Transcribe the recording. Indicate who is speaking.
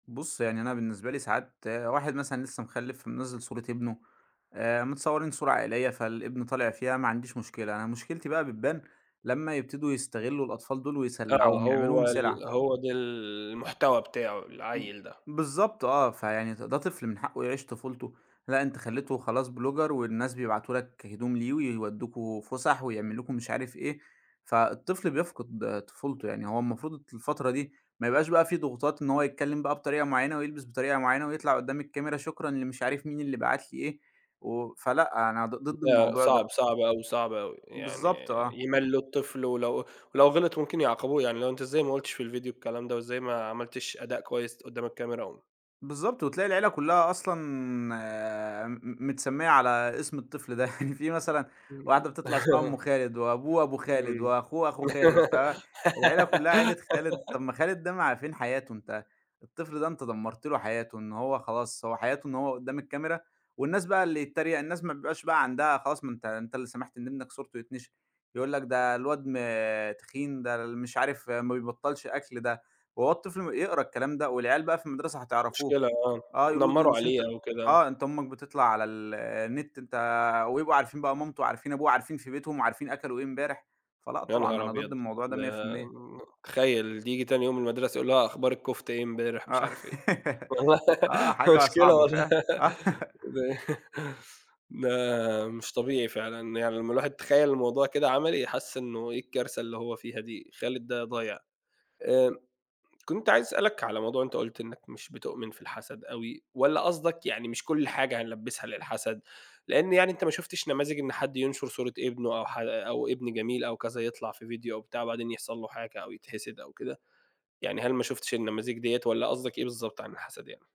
Speaker 1: بُصّ يعني أنا بالنسبة لي ساعات واحد مثلًا لسّه مخلّف، منزّل صورة ابنه، آآ متصورين صورة عائلية فالابن طالع فيها ما عنديش مشكلة، أنا مشكلتي بقى بتبان لمّا يبتدوا يستغلّوا الأطفال دُول
Speaker 2: آه
Speaker 1: ويسلّعوهم،
Speaker 2: هو
Speaker 1: يعملوهم
Speaker 2: ال
Speaker 1: سلعة.
Speaker 2: هو ده ال المحتوى بتاعه،
Speaker 1: م
Speaker 2: العيّل ده.
Speaker 1: بالضبط، آه، فيعني د ده طفل من حقّه يعيش طُفولته، لأ أنت خلّيته خلاص blogger، والناس بيبعتوا لك هدوم ليه، ويودّوكم فسح، ويعملوا لكم مش عارف إيه، فالطفل بيفقد طُفولته، يعني هو المفروض الفترة دي ما يبقاش بقى في ضغوطات إن هو يتكلّم بقى بطريقة معيّنة، ويلبس بطريقة معيّنة، ويطلع قدّام الكاميرا شكرًا لمش عارف مين اللي بَعت لي إيه، و فلأ أنا ض ضد
Speaker 2: لأ
Speaker 1: الموضوع
Speaker 2: صعب،
Speaker 1: ده.
Speaker 2: صعب أوي، صعب أوي، يعني
Speaker 1: بالضبط آه.
Speaker 2: يَمَلّوا الطفل ولو ولو غِلِط ممكن يعاقبوه، يعني اللي هو أنت إزاي ما قُلتش في الفيديو الكلام ده؟ وإزاي ما عملتش أداء كويس قدّام الكاميرا؟ و
Speaker 1: بالضبط، وتلاقي العيلة كلّها أصلًا م متسمية على اسم الطفل ده، يعني في مثلًا واحدة بتطلع اسمها أم خالد، وأبوه أبو خالد،
Speaker 2: إمم.
Speaker 1: وأخوه أخو خالد، فالعيلة كلّها عيلة خالد، طَب ما خالد ده ما فين حياته؟ أنت الطفل ده أنت دمّرت له حياته، إن هو خلاص هو حياته إن هو قدّام الكاميرا، والناس بقى اللي يتّريَق، الناس ما بيبقاش بقى عندها خلاص ما أنت أنت اللي سمحت إن ابنك صورته يتنشر، يقول لك ده الواد ما تخين، ده ال مش عارف ما بيبطّلش أكل، ده وهو الطفل يقرا الكلام ده، والعيال بقى في المدرسة هتعرفوه،
Speaker 2: مشكلة آه،
Speaker 1: آه يقولوا له ده
Speaker 2: يتنمروا
Speaker 1: مش
Speaker 2: عليه
Speaker 1: أنت
Speaker 2: أو كده، آه.
Speaker 1: آه أنت أمك بتطلع على ال النت، أنت ويبقوا عارفين بقى مامته، عارفين ابوه، وعارفين في بيتهم، وعارفين أكلوا إيه امبارح، فلا
Speaker 2: يا
Speaker 1: طبعًا
Speaker 2: نهار
Speaker 1: أنا ضد
Speaker 2: أبيض!
Speaker 1: الموضوع ده مِيّة في
Speaker 2: ده
Speaker 1: المِيّة.
Speaker 2: ن تخيّل تيجي تاني يوم المدرسة يقول لها أخبار الكفتة إيه امبارح؟ مش
Speaker 1: آه،
Speaker 2: عارف إيه،
Speaker 1: آه حاجة
Speaker 2: مشكلة
Speaker 1: صعبة
Speaker 2: والله
Speaker 1: فعلًا، آه.
Speaker 2: ده مش طبيعي فعلًا، يعني لمّا الواحد يتخيّل الموضوع كده عملي حَس إنّه إيه الكارثة اللي هو فيها دي؟ خالد ده ضايع. آآ كنت عايز أسألك على موضوع أنت قُلت إنّك مش بتؤمن في الحسد أوي، والّا قصدك يعني مش كلّ حاجة هنلبّسها للحسد، لإن يعني أنت ما شُفتش نماذج إن حد ينشر صورة ابنه، أو ح أو ابن جميل أو كذا يطلع في فيديو أو بتاع وبعدين يحصل له حاجة أو يتحسد أو كده، يعني هل ما شُفتش النماذج دِيّة، والّا قصدك إيه بالضبط عن الحسد يعني؟